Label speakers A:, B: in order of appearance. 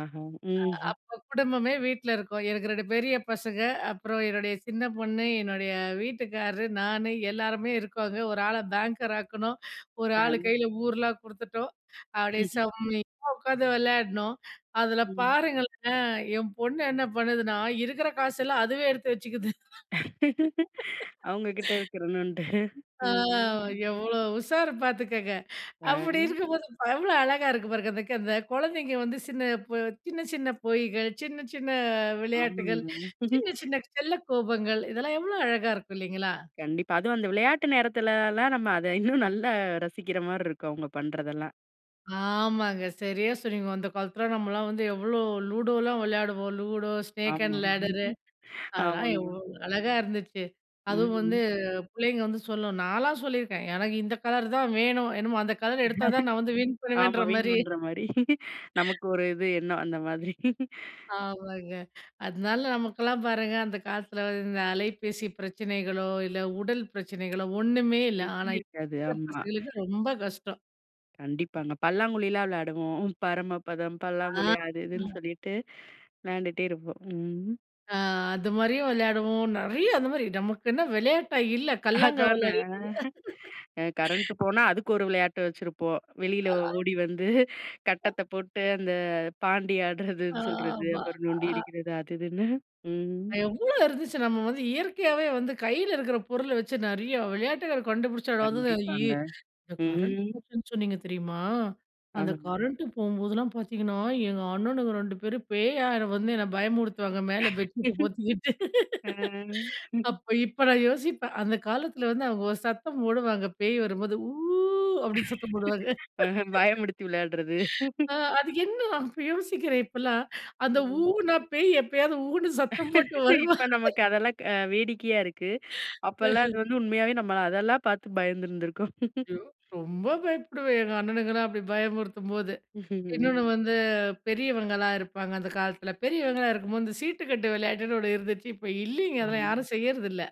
A: ஆஹா,
B: அ,
A: ம்ஹ்ம்.
B: அப்ப குடும்பமே வீட்ல இருக்கும், எனக்கு 2 பெரிய பசங்க, அப்புறம் என்னுடைய சின்ன பொண்ணு, என்னுடைய வீட்டுக்காரர் நானு, எல்லாருமே இருக்கோங்க, ஒரு ஆள பேங்கர் ஆக்கணும். ஒரு ஆள்
A: அ.
B: கையில ஊர்லாம் குடுத்துட்டோம். அப்டியே செம்மையா உக்காந்து விளயாடணும். அதுல
A: ம்.
B: பாருங்களேன், என் பொண்ணு என்ன பண்ணுதுன்னா, இருக்குற காசெல்லாம் அதுவே எடுத்து வச்சுக்குது.
A: அவங்க கிட்ட இருக்குறணும்ன்ட்டு,
B: ஆ,
A: ம்ஹ்ம்.
B: எவ்ளோ உஷாரு பாத்துக்கோங்க, அப்டி
A: அ.
B: இருக்கும்போது எவ்ளோ அழகா இருக்கு பாருங்க. அதுக்கு அந்த குழந்தைங்க வந்து, சின்ன பொ சின்ன சின்ன பொய்கள், சின்ன சின்ன விளையாட்டுகள்,
A: ஆமாங்க.
B: சின்ன சின்ன செல்ல கோபங்கள், இதெல்லாம் எவ்ளோ அழகா இருக்கும் இல்லிங்களா?
A: கண்டிப்பா. அதுவும் அந்த விளையாட்டு நேரத்துலலாம், நம்ம அத இன்னும் நல்லா ரசிக்கிற மாரிருக்கும் அவங்க பண்ணுறதெல்லாம்.
B: ஆமாங்க, சரியா சொனனீங்க. அந்த காலத்துல நம்மலாம் வந்து எவ்ளோ லூடோலாம் விளையாடுவோம், லூடோ ஸ்னேக்
A: ஆமா,
B: அண்ட் லேடரு அதெல்லாம்
A: ஆமாங்க.
B: எவ்ளோ அழகா இருந்துச்சு. அதுவும் வந்து
A: ம்.
B: பிள்ளைங்க வந்து சொல்லும், நான்லாம் சொல்லியிருக்கேன் எனக்கு இந்த கலர் தான் வேணும். என்னமோ அந்த கலர் எடுத்தா தான் நான் வந்து வின்
A: ஆமா.
B: பண்ணுவேன்ற மாரி.
A: வேணுண்ற மாரி, நமக்கு ஒரு இது எண்ணம் அந்த மாதிரி.
B: ஆமாங்க, அதனால நமக்கெல்லாம் பாருங்க, அந்த காலத்துல இந்த அலைபேசி பிரச்சனைகளோ, இல்ல உடல் பிரச்சனைகளோ, ஒண்ணுமே இல்ல. ஆனா,
A: [unintelligible]
B: இப்ப
A: இருக்காது
B: இருக்குற
A: ஆமா.
B: பசங்களுக்கு ரொம்ப கஷ்டம்.
A: கண்டிப்பாங்க, பல்லாங்குழில வெளயாடுவோம், பரமபதம்,
B: அ,
A: பல்லாங்குழி அது இதுன்னு
B: ஆ.
A: சொல்லிட்டு, வெளயாண்டுட்டே இருப்போம், ம்.
B: ஆ, அது மாரியும் விளையாடுவோம். நெறயா அந்த மாரி, நமக்கென்ன விளையாட்டா இல்ல, கல்லங்கா
A: அதானே.
B: விளையாடிட்டுருந்தோம்.
A: அ கரண்ட் போனா அதுக்கு ஒரு வெளயாட்டு வச்சுருப்போம். வெளியில
B: ஆ.
A: ஓடி வந்து,
B: அ.
A: கட்டத்த போட்டு அந்த பாண்டி ஆடுறதுன்னு சொல்றது,
B: ஆமா,
A: அப்புறம் நொண்டி
B: அ.
A: அடிக்குறது அது இதுன்னு, ம்.
B: எவ்ளோ இருந்துச்சு, நம்ம வந்து இயற்கையாவே வந்து கையில இருக்குற பொருள வெச்சு, நெறயா விளையாட்டுகள் கண்டுபிடிச்சு அதாதுதாயி.
A: கண்டிப்பாங்க,
B: இந்த கரண்ட்டு
A: ம்.
B: போச்சுன்னு சொன்னீங்க தெரியுமா, அந்த
A: ஆமாங்க.
B: கரண்ட்டு போம்போதெல்லாம் பார்த்தீங்கன்னா, எங்க அண்ணனுங்க 2 பேரும் பேயா வந்து என்னை பயமுடுத்துவாங்க, மேல பெட்ஷீட்ட போத்திக்கிட்டு.
A: அ.
B: அப்ப, இப்ப நான் யோசிப்பேன், அந்த காலத்துல வந்து அவங்க ஒரு சத்தம் போடுவாங்க, பேய் வரும்போது ஊ அப்டினு சத்தம் போடுவாங்க.
A: பயமுடுத்தி விளயாடுறது.
B: ஆ, அது என்ன தான் இப்ப யோசிக்குறேன் இப்போலாம், அந்த
A: ம்.
B: ஊனா பேய் எப்பயாவது ஊன்னு சத்தம் போட்டு வருமா?
A: இப்ப நமக்கு அதெல்லாம், க வேடிக்கையா இருக்கு. அப்போலாம் அது வந்து உண்மயாவே நம்ம அதெல்லாம் பாத்து பயந்துருந்துருக்கோம்.
B: ஐயோ! ரொம்ப பயப்படுவேன் எங்க அண்ணனுங்கலாம் அப்டி பயமுறுத்தும்போது. இன்னொன்னு
A: ம்ஹ்ம்.
B: வந்து, பெரியவங்களா இருப்பாங்க அந்த காலத்துல, பெரியவங்களா இருக்கும்போது இந்த சீட்டு கட்டு விளையாட்டுன்னு ஒண்ணு இருந்துச்சு. இப்ப இல்லிங்க அதெல்லாம்
A: ஆமா.
B: யாரும் செய்யுறதில்ல.